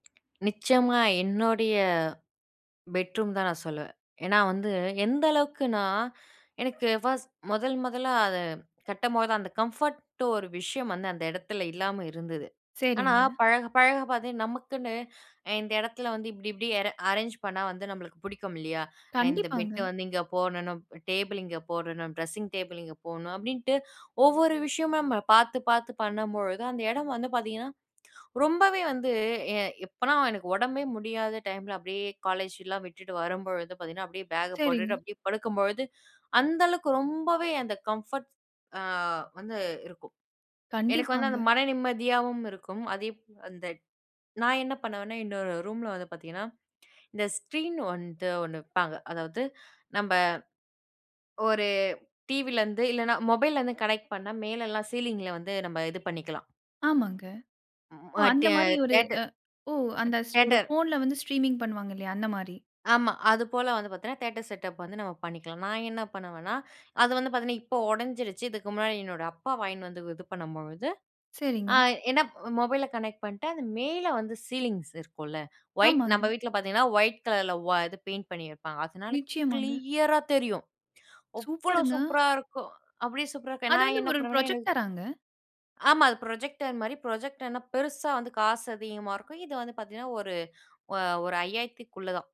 நிச்சயமா. என்னுடைய பெட்ரூம் தான் நான் சொல்லுவேன். ஏன்னா வந்து எந்த அளவுக்குனா, எனக்கு 1டு முதல் முதலா அது கட்டம்போது தான் அந்த கம்ஃபோர்ட்டோ ஒரு விஷயம் வந்து அந்த இடத்துல இல்லாம இருந்தது. ஆனா சரிங்க. பழக, பழக பாத்தே நமக்குன்னு இந்த இடத்துல வந்து இப்டி, இப்டி எர அரேஞ் பண்ணா வந்து, நம்மளுக்கு பிடிக்கும், இல்லையா? இந்த பெட்ட கண்டிப்பாங்க. வந்து இங்க போடனும். டேபிள் இங்க போடணும். ட்ரெஸ்ஸிங் டேபிள் இங்க போடணும். அப்டின்ட்டு ஒவ்வொரு விஷயமும் நம்ம பாத்து, பாத்து பண்ணும்பொழுது, அந்த இடம் வந்து பாத்தீங்கன்னா ரொம்பவே வந்து எ எப்பனா எனக்கு உடம்பே முடியாத டைம்ல அப்டியே காலேஜ்லாம் விட்டுட்டு வரும்பொழுது பாத்தீங்கன்னா, அப்டியே பேக சரிங்க. போட்டுட்டு அப்டியே படுக்கும்பொழுது, அந்த அளவுக்கு ரொம்பவே அந்த கம்ஃபர்ட்ஸ் ஆ வந்து இருக்கும். எனக்கு வந்து அந்த கண்டிப்பாங்க. மன நிம்மதியாவும் இருக்கும். அதே ப் அந்த நான் என்ன பண்ணுவேன்னா, இன்னோரு ரூம்ல வந்து பாத்தீங்கன்னா, இந்த ஸ்க்ரீன் வந்து ஒண்ணு விப்பாங்க. அதாவது நம்ப ஒரு டிவிலருந்து இல்லனா, மொபைல் இருந்து கனெக்ட் பண்ணா மேலல்லாம் சீலிங்கில வந்து நம்ம இது பண்ணிக்கலாம். ஆமாங்க. ம். ஓ! அ அந்த டியே மாரி ஒரு அ தியேட்டர். ஓ! அந்த ஸ் ஒரு தியேட்டர். ஃபோன்ல வந்து ஸ்ட்ரீமிங் பண்ணுவாங்க, இல்லையா? அந்த மாரி. ஆமா. அது போல வந்து பாத்தீங்கன்னா, தியேட்டர் செட்டப் வந்து நம்ம பண்ணிக்கலாம். நான் என்ன பண்ணுவேன்னா, அது வந்து பாத்தீங்கன்னா இப்போ உடஞ்சிடுச்சு. இதுக்கு முன்னாடி என்னோட அப்பா வாங்கின்னு வந்து இது பண்ணும்பொழுது, அ சரிங்க. என்ன மொபைல கனெக்ட் பண்ணிட்டா, அது மேலே வந்து சீலிங்ஸ் இருக்கும்ல, ஒயிட் நம்ம ஆமாங்க. வீட்ல பாத்தீங்கன்னா, ஒயிட் கலர்ல ஓ இது பெயிண்ட் பண்ணிருப்பாங்க. அதனால நிச்சயமாங்க. கிளியரா தெரியும். அவ்ளோ சூப்பருங்க! சூப்பரா இருக்கும்! அப்டி சூப்பரா இருக்கும். அது நான் வந்து என்ன ஒரு பண்ணுவேன்னா, எனக்கு புரொஜெக்டராங்க? ஆமா. அது ப்ரொஜெக்டர் மாரி. ப்ரொஜெக்டர்னா பெருசா வந்து காசு அதிகமா இருக்கும். இது வந்து பாத்தீங்கன்னா, ஒரு, ஒ ஒரு 5000க்குள்ள தான்.